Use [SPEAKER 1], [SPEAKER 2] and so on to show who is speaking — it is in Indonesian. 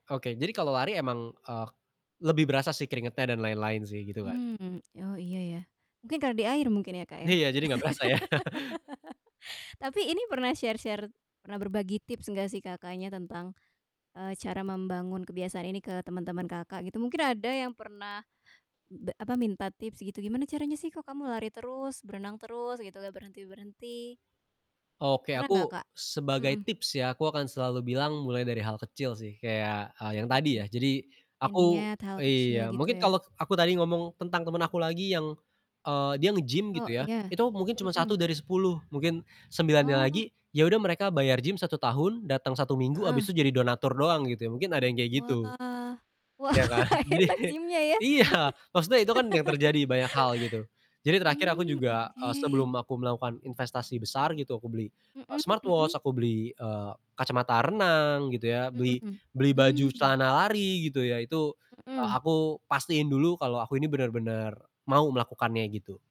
[SPEAKER 1] Oke. Jadi kalau lari emang, eee, lebih berasa sih keringatnya dan lain-lain sih gitu kan.
[SPEAKER 2] Mmm. Oh, iya ya. Mungkin karena di air mungkin ya, Kak, ya?
[SPEAKER 1] Iya, jadi enggak berasa ya.
[SPEAKER 2] Tapi ini pernah share-share pernah berbagi tips gak sih Kakaknya tentang, eee, cara membangun kebiasaan ini ke teman-teman Kakak gitu? Mungkin ada yang pernah be apa, minta tips gitu, "Gimana caranya sih kok kamu lari terus, berenang terus" gitu, "gak berhenti-berhenti?"
[SPEAKER 1] Oke.
[SPEAKER 2] Pernah enggak,
[SPEAKER 1] Aku
[SPEAKER 2] Kak?
[SPEAKER 1] sebagai
[SPEAKER 2] Mhm.
[SPEAKER 1] tips ya, aku akan selalu bilang mulai dari hal kecil sih. Kayak, eee, yang tadi ya,
[SPEAKER 2] Mhm.
[SPEAKER 1] jadi
[SPEAKER 2] Iya,
[SPEAKER 1] aku
[SPEAKER 2] niat hal kecil
[SPEAKER 1] iya,
[SPEAKER 2] gitu
[SPEAKER 1] mungkin
[SPEAKER 2] ya?
[SPEAKER 1] kalau aku tadi ngomong tentang temen aku lagi yang, eee, dia nge-gym
[SPEAKER 2] Oh,
[SPEAKER 1] gitu ya,
[SPEAKER 2] iya.
[SPEAKER 1] itu mah mungkin cuma satu
[SPEAKER 2] Mhm.
[SPEAKER 1] dari sepuluh, mungkin sembilannya
[SPEAKER 2] Oh.
[SPEAKER 1] lagi ya udah mereka bayar gym 1 tahun datang 1 minggu,
[SPEAKER 2] Heeh.
[SPEAKER 1] abis itu jadi donatur doang gitu ya, mungkin ada yang kayak gitu.
[SPEAKER 2] Wah. Wah,
[SPEAKER 1] Iya kan, jadi
[SPEAKER 2] enak
[SPEAKER 1] kayak
[SPEAKER 2] gym-nya ya.
[SPEAKER 1] iya. Maksudnya itu kan yang terjadi banyak hal gitu. Jadi terakhir aku
[SPEAKER 2] Mmm,
[SPEAKER 1] juga, eee,
[SPEAKER 2] oke.
[SPEAKER 1] sebelum aku melakukan investasi besar gitu, aku beli, eee,
[SPEAKER 2] Mhm
[SPEAKER 1] smartwatch,
[SPEAKER 2] mhm.
[SPEAKER 1] aku beli, eee, kacamata renang gitu ya, beli
[SPEAKER 2] Mhm,
[SPEAKER 1] beli baju
[SPEAKER 2] mmm.
[SPEAKER 1] celana lari gitu ya, itu, eee,
[SPEAKER 2] Mhm.
[SPEAKER 1] aku pastiin dulu kalau aku ini benar-benar mau melakukannya gitu.